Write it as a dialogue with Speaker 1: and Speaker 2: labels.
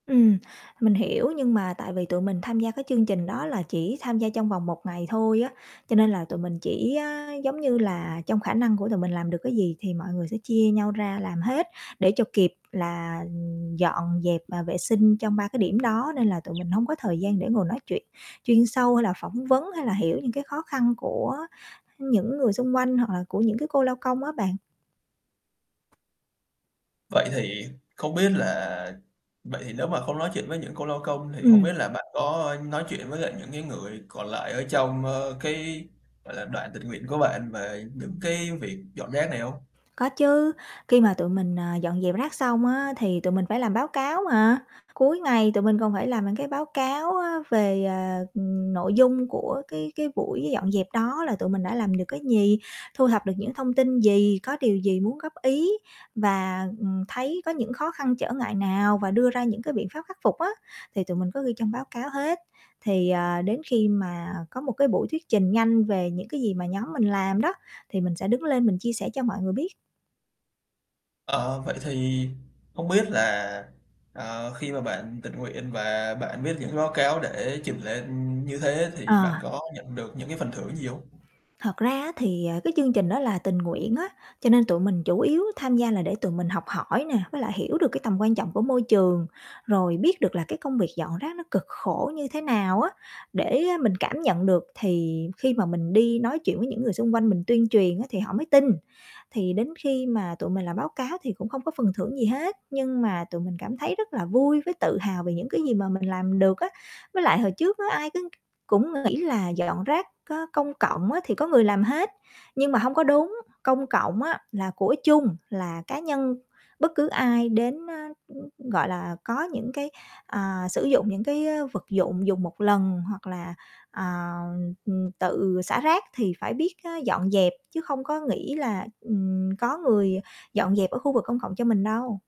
Speaker 1: Ừm, mình hiểu, nhưng mà tại vì tụi mình tham gia cái chương trình đó là chỉ tham gia trong vòng 1 ngày thôi á, cho nên là tụi mình chỉ á giống như là trong khả năng của tụi mình làm được cái gì thì mọi người sẽ chia nhau ra làm hết để cho kịp là dọn dẹp và vệ sinh trong 3 cái điểm đó. Nên là tụi mình hông có thời gian để ngồi nói chuyện chuyên sâu hay là phỏng vấn hay là hiểu những cái khó khăn của những người xung quanh, hoặc là của những cái cô lao công á bạn.
Speaker 2: Vậy thì, không biết là vậy thì nếu mà không nói chuyện với những cô lao công thì hông
Speaker 1: Ừm.
Speaker 2: biết là bạn có nói chuyện với lại những cái người còn lại ở trong, ờ, cái, gọi là, đoàn tình nguyện của bạn về những cái việc dọn rác này hông?
Speaker 1: Có chứ, khi mà tụi mình, à, dọn dẹp rác xong á, thì tụi mình phải làm báo cáo mà. Cuối ngày tụi mình còn phải làm những cái báo cáo á, về, à, nội dung của cái cái buổi dọn dẹp đó là tụi mình đã làm được cái gì, thu thập được những thông tin gì, có điều gì muốn góp ý, và, ừm, thấy có những khó khăn, trở ngại nào, và đưa ra những cái biện pháp khắc phục á. Thì tụi mình có ghi trong báo cáo hết. Thì, ờ, đến khi mà có một cái buổi thuyết trình nhanh về những cái gì mà nhóm mình làm đó, thì mình sẽ đứng lên mình chia sẻ cho mọi người biết.
Speaker 2: Ờ, vậy thì không biết là, ờ, khi mà bạn tình nguyện và bạn viết những báo cáo để trình lên như thế thì
Speaker 1: Ờ.
Speaker 2: bạn có nhận được những cái phần thưởng gì hông?
Speaker 1: Thật ra á, thì, à, cái chương trình đó là tình nguyện á, cho nên tụi mình chủ yếu tham gia là để tụi mình học hỏi nè, với lại hiểu được cái tầm quan trọng của môi trường, rồi biết được là cái công việc dọn rác nó cực khổ như thế nào á để mình cảm nhận được, thì khi mà mình đi nói chuyện với những người xung quanh mình tuyên truyền á, thì họ mới tin. Thì đến khi mà tụi mình làm báo cáo thì cũng không có phần thưởng gì hết, nhưng mà tụi mình cảm thấy rất là vui với tự hào về những cái gì mà mình làm được á. Với lại hồi trước á, ai cứ cũng nghĩ là dọn rác có công cộng á, thì có người làm hết, nhưng mà hông có đúng. Công cộng á là của chung, là cá nhân bất cứ ai đến, ơ, gọi là, có những cái, à, sử dụng những cái vật dụng dùng 1 lần hoặc là, à, ừm, tự xả rác thì phải biết á dọn dẹp chứ không có nghĩ là, ừm, có người dọn dẹp ở khu vực công cộng cho mình đâu.